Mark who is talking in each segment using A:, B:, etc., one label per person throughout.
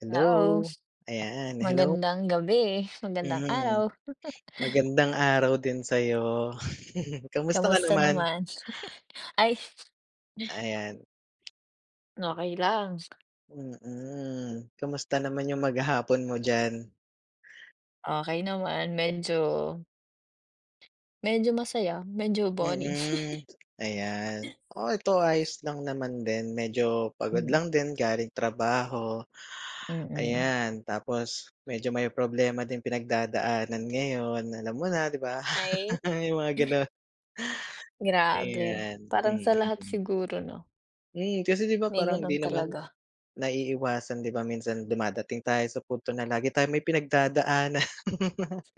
A: Hello,
B: Knows.
A: ayan, hello.
B: Magandang gabi,
A: Hmm.
B: magandang araw!
A: Magandang araw din sa'yo, kamusta ka
B: Kamusta
A: naman?
B: naman? Ay.
A: Ayan.
B: Okey lang.
A: Mm, kamusta naman yung maghapon mo diyan?
B: Okey naman, medyo medyo masaya, medyo boring.
A: Mm, ayan. Oo, ito ayos lang naman din, medyo pagod
B: Hmm.
A: lang din galing trabaho.
B: Mm.
A: Ayan, tapos medyo may problema ding pinagdadaanan ngayon, alam mo na, 'di ba?
B: Ay.
A: Yung mga gano'n.
B: Grabe,
A: Ayan,
B: parang sa lahat
A: mm.
B: siguro 'no?
A: Hmm, kasi 'di ba
B: May
A: parang
B: gano'n
A: 'di naman,
B: talaga.
A: naiiwasan 'di ba, minsan dumadating tayo sa punto na lagi tayo may pinagdadaanan.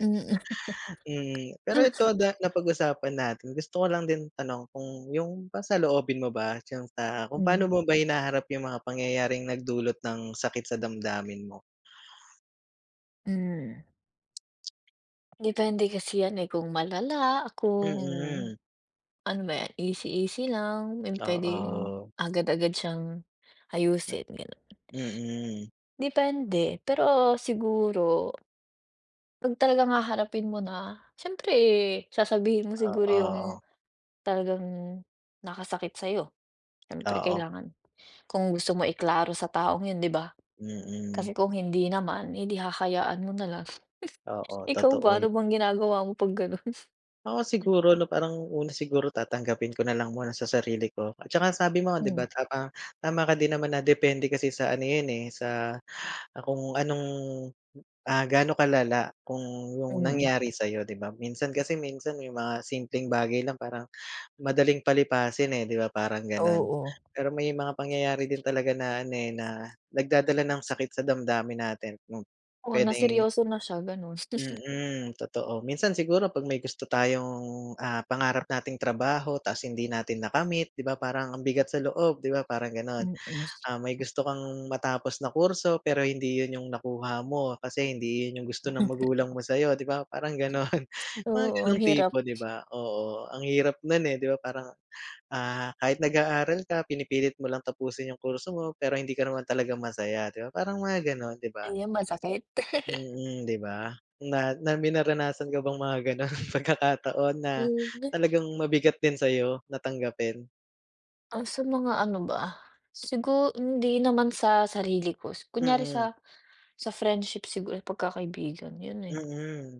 B: Mm.
A: Mm, pero ito, da napag-usapan natin, gusto ko lang din itanong kung yung bang saloobin mo ba, diyan sa kung pa'no
B: Hmm.
A: mo ba hinaharap yung mga pangyayaring nagdulot ng sakit sa damdamin mo?
B: Hmm. Depende kasi 'yan, eh, kung malala, kung
A: Mm.
B: ano ba 'yan easy easy lang, yung puwedeng
A: Oo.
B: agad-agad siyang ayusin, gano'n.
A: Mm.
B: Depende, pero siguro kung talagang haharapin mo na, siyempre sasabihin mo siguro yung
A: Oo.
B: talagang nakasakit sa'yo, siyempre
A: Oo.
B: kailangan, kung gusto mo i-klaro sa taong 'yon, 'di ba?
A: Mm.
B: Kasi kung hindi naman, eh, 'di hahayaan mo na lang.
A: Oo,
B: Ikaw
A: totoo
B: ba, ano
A: 'yo
B: bang ginagawa mo 'pag gano'n?
A: Oo, siguro 'no, parang una siguro tatanggapin ko na lang muna sa sarili ko. At saka sabi mo, 'di ba
B: Hmm.
A: tama tama ka din naman na depende kasi sa ano 'yon, eh, sa kung anong, ah, ga'no kalala. Kung yung
B: Mm.
A: nangyari sa'yo, 'di ba? Minsan kasi minsan may mga simpleng bagay lang parang madaling palipasin, eh, 'di ba parang gano'n.
B: Oo.
A: Pero may mga pangyayari din talaga na ano, eh, na nagdadala ng sakit sa damdamin natin kung
B: Oo, na
A: puwedeng
B: seryoso na siya, gano'n.
A: mm, totoo. Minsan siguro 'pag may gusto tayong, ah, pangarap nating trabaho tapos hindi natin nakamit, 'di ba parang ang bigat sa loob, 'di ba parang gano'n.
B: Mm.
A: Ah, may gusto kang matapos na kurso, pero hindi 'yon yung nakuha mo kasi hindi 'yon yung gusto ng magulang mo sa'yo, 'di ba parang gano'n, mga
B: Oo. Ang
A: gano'ng
B: hirap.
A: tipo, 'di ba? Oo, ang hirap no'n, eh, 'di ba parang, ah, kahit nag-aaral ka, pinipilit mo lang tapusin yung kurso mo pero hindi ka naman talaga masaya, 'di ba parang mga gano'n, 'di ba?
B: Ayun masakit.
A: Mm, 'di ba? Na na may naranasan ka bang mga gano'n pagkakataon na
B: Hmm.
A: talagang mabigat din sa'yo na tanggapin?
B: Ah, sa mga ano ba? Sigu hindi naman sa sarili ko, sa kunyari
A: Mm.
B: sa sa friendship siguro, pagkakaibigan, 'yon na 'yon.
A: Mm.